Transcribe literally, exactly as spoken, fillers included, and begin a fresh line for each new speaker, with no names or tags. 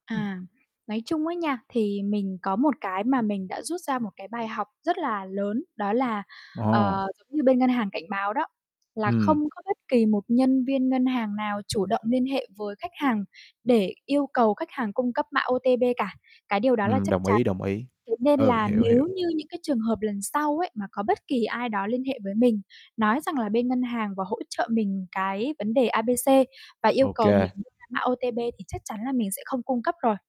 Ừm.
À. Nói chung á nha, thì mình có một cái mà mình đã rút ra một cái bài học rất là lớn, đó là,
Ồ.
ờ, giống như bên ngân hàng cảnh báo đó, à không
Ừm.
có bất kỳ một nhân viên ngân hàng nào chủ động liên hệ với khách hàng để yêu cầu khách hàng cung cấp mã O-T-P cả, cái điều đó là
Ừm,
chắc
đồng
chắn.
ý, đồng ý.
Thế nên
Ừ,
là
hiểu,
nếu
hiểu.
như những cái trường hợp lần sau ấy mà có bất kỳ ai đó liên hệ với mình, nói rằng là bên ngân hàng và hỗ trợ mình cái vấn đề A, B, C và yêu
Ô
cầu mình
kê.
đưa ra mã O-T-P thì chắc chắn là mình sẽ không cung cấp rồi.